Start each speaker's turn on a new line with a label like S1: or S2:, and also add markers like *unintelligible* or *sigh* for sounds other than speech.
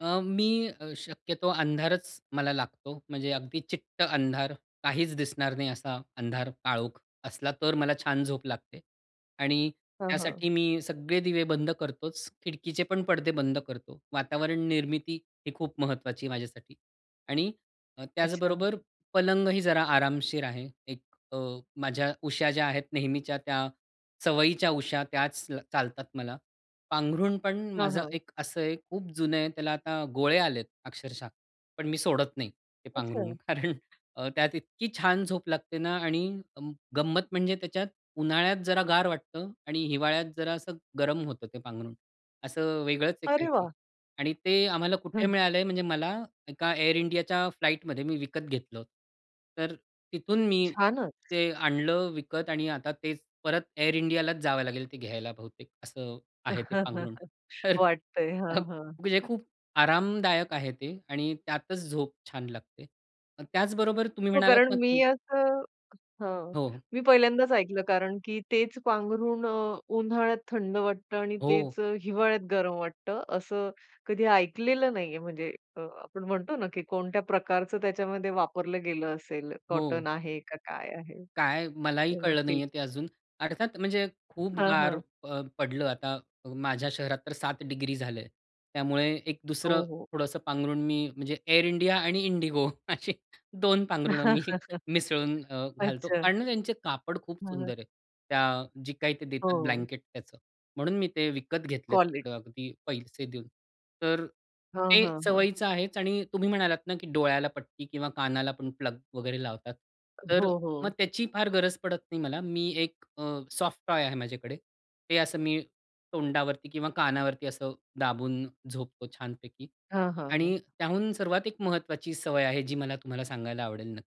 S1: अ, मी अ, शक्यतो अंधारच मला लागतो. म्हणजे अगदी चिट्ट अंधार. काहीच दिसणार नाही असा अंधार, काळोख असला तर मला छान झोप लागते आणि
S2: हां, हां.
S1: त्यासाठी मी सगळे दिवे बंद करतोच. खिडकीचे पण पडदे बंद करतो. वातावरण निर्मिती ही खूप महत्त्वाची आहे माझ्यासाठी आणि अ,
S2: अच्छा.
S1: त्याचबरोबर पलंगही जरा आरामशीर आहे. एक अ, माझ्या उशा ज्या आहेत नेहमीच्या त्या सवयीच्या उशा, त्याच ल चालतात मला. पांघरूण पण
S2: हां,
S1: माझं
S2: हां.
S1: एक असं आहे खूप जुनं आहे. त्याला आता गोळे आलेत अक्षरशः. पण मी सोडत नाही ते पांघरूण.
S2: अच्छा.
S1: *chuckles* कारण अ, त्यात इतकी छान झोप लागते ना आणि अं, गंमत म्हणजे त्याच्यात उन्हाळ्यात जरा गार वाटतं आणि हिवाळ्यात जरा असं गरम होतं ते पांघरूण असं वेगळंच आहे
S2: अरे
S1: काहीतरी
S2: वाह!
S1: आणि ते आम्हाला कुठे
S2: हं.
S1: मिळालं आहे म्हणजे मला एका, Air Indiaच्या फ्लाइटमध्ये मी विकत घेतलं होत. तर तिथून मी
S2: छानच.
S1: ते आणलं विकत आणि आता तेच परत Air Indiaच जावं लागेल ते घ्यायला बहुतेक असं आहे ते पांघरूण.
S2: *chuckles* वाटतं आहे. हां,
S1: *unintelligible* म्हणजे
S2: हां.
S1: खूप आरामदायक आहे ते आणि त्यातच झोप छान लागते. त्याचबरोबर तुम्ही
S2: हो
S1: म्हणालात
S2: कारण
S1: ना की
S2: मी असं हां,
S1: हो.
S2: मी पहिल्यांदाच ऐकलं, कारण की तेच पांघरून अ, उन्हाळ्यात थंड वाटतं आणि
S1: हो.
S2: तेच अ, हिवाळ्यात गरम वाटतं. असं कधी ऐकलेलं नाही आहे म्हणजे अ, आपण म्हणतो ना की कोणत्या प्रकारचं त्याच्यामध्ये वापरलं गेलं असेल, कॉटन
S1: हो.
S2: आहे का, काय आहे हे?
S1: काय मलाही
S2: हो,
S1: कळलं नाही
S2: नक्कीच.
S1: आहे ते अजून. अर्थात म्हणजे खूप
S2: हां,
S1: गार
S2: हां.
S1: अ, पडलं आता माझ्या शहरात तर 7 डिग्री झालं आहे. त्यामुळे एक दुसरं
S2: हो, हो.
S1: थोडंसं पांघरुण मी म्हणजे Air India आणि Indigo अशी 2 पांघरुणं मी
S2: *chuckles*
S1: मिसळून अ, घालतो
S2: अच्छा.
S1: आणि त्यांचे कापड खूप
S2: हां.
S1: सुंदर आहे. त्या जी काही ते देतात
S2: हो.
S1: ब्लँकेट त्याचं, म्हणून मी ते विकत घेतले
S2: कॉलिटी.
S1: तिकडं अगदी पैसे देऊन. तर
S2: हां,
S1: ते
S2: हां, हां.
S1: सवयीचं आहेच आणि तुम्ही म्हणालात ना की डोळ्याला पट्टी किंवा कानाला पण प्लग वगैरे लावतात? तर
S2: हो,
S1: मग
S2: हो.
S1: त्याची फार गरज पडत नाही मला. मी एक अ, सॉफ्ट टॉय आहे माझ्याकडे. ते असं मी तोंडावरती किंवा कानावरती असं दाबून झोपतो छानपैकी
S2: हां, हां, हां.
S1: आणि त्याहून सर्वात एक महत्त्वाची सवय आहे, जी मला तुम्हाला सांगायला आवडेल नक्की.